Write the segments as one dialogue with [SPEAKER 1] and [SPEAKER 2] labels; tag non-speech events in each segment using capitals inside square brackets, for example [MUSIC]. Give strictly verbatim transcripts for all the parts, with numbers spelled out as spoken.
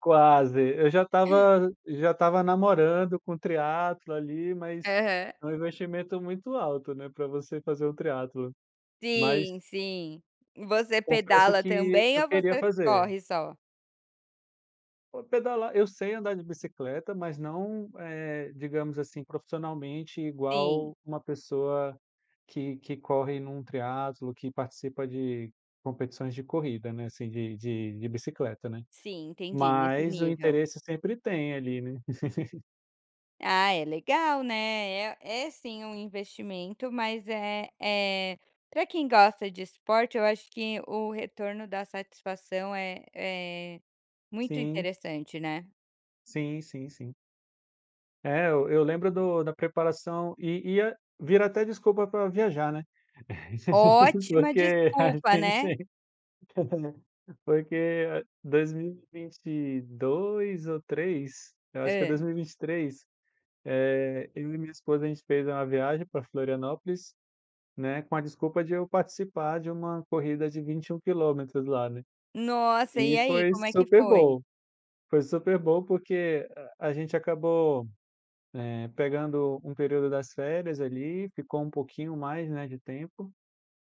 [SPEAKER 1] Quase. Eu já estava já estava namorando com o triatlo ali, mas
[SPEAKER 2] Aham.
[SPEAKER 1] é um investimento muito alto, né, pra você fazer o triatlo. Mas
[SPEAKER 2] Sim, sim. Você
[SPEAKER 1] confesso
[SPEAKER 2] pedala
[SPEAKER 1] que
[SPEAKER 2] também
[SPEAKER 1] eu
[SPEAKER 2] ou
[SPEAKER 1] queria
[SPEAKER 2] você
[SPEAKER 1] fazer.
[SPEAKER 2] corre só?
[SPEAKER 1] Pô, pedalar eu sei andar de bicicleta, mas não é, digamos assim, profissionalmente,
[SPEAKER 2] Sim.
[SPEAKER 1] igual a uma pessoa que que corre num triatlo, que participa de competições de corrida, né, assim, de de de bicicleta, né.
[SPEAKER 2] Sim, entendi. Nesse
[SPEAKER 1] Mas o
[SPEAKER 2] nível.
[SPEAKER 1] interesse sempre tem, ali, né. [LAUGHS]
[SPEAKER 2] Ah, é legal, né. É é sim um investimento, mas é é, pra quem gosta de esporte, eu acho que o retorno da satisfação é é muito
[SPEAKER 1] Sim.
[SPEAKER 2] interessante, né.
[SPEAKER 1] Sim, sim, sim. É, eu eu lembro do da preparação e ia vira até desculpa pra viajar, né. [LAUGHS]
[SPEAKER 2] Ótima
[SPEAKER 1] Porque ah,
[SPEAKER 2] desculpa,
[SPEAKER 1] tem que
[SPEAKER 2] né?
[SPEAKER 1] ser. [LAUGHS] Porque dois mil e vinte e dois ou três, eu acho que é
[SPEAKER 2] Hã.
[SPEAKER 1] dois mil e vinte e três, eh, eu e minha esposa, a gente fez uma viagem pra Florianópolis, né, com a desculpa de eu participar de uma corrida de vinte e um quilômetros lá, né,
[SPEAKER 2] Nossa! E,
[SPEAKER 1] e
[SPEAKER 2] aí,
[SPEAKER 1] foi
[SPEAKER 2] como é que
[SPEAKER 1] super
[SPEAKER 2] foi?
[SPEAKER 1] bom, foi super bom porque a gente acabou, eh, pegando um período das férias ali, ficou um pouquinho mais, né, de tempo,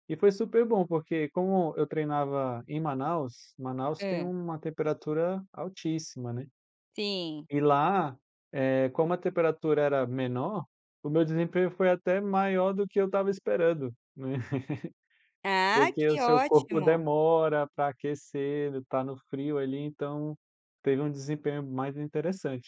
[SPEAKER 1] e foi super bom, porque, como eu treinava em Manaus, Manaus tem
[SPEAKER 2] Hã.
[SPEAKER 1] uma temperatura altíssima, né.
[SPEAKER 2] Sim.
[SPEAKER 1] E lá, eh, como a temperatura era menor, o meu desempenho foi até maior do que eu estava esperando, né. [LAUGHS]
[SPEAKER 2] Ah,
[SPEAKER 1] Porque o
[SPEAKER 2] que
[SPEAKER 1] seu corpo
[SPEAKER 2] ótimo!
[SPEAKER 1] demora pra aquecer, ele tá no frio ali, então, teve um desempenho mais interessante.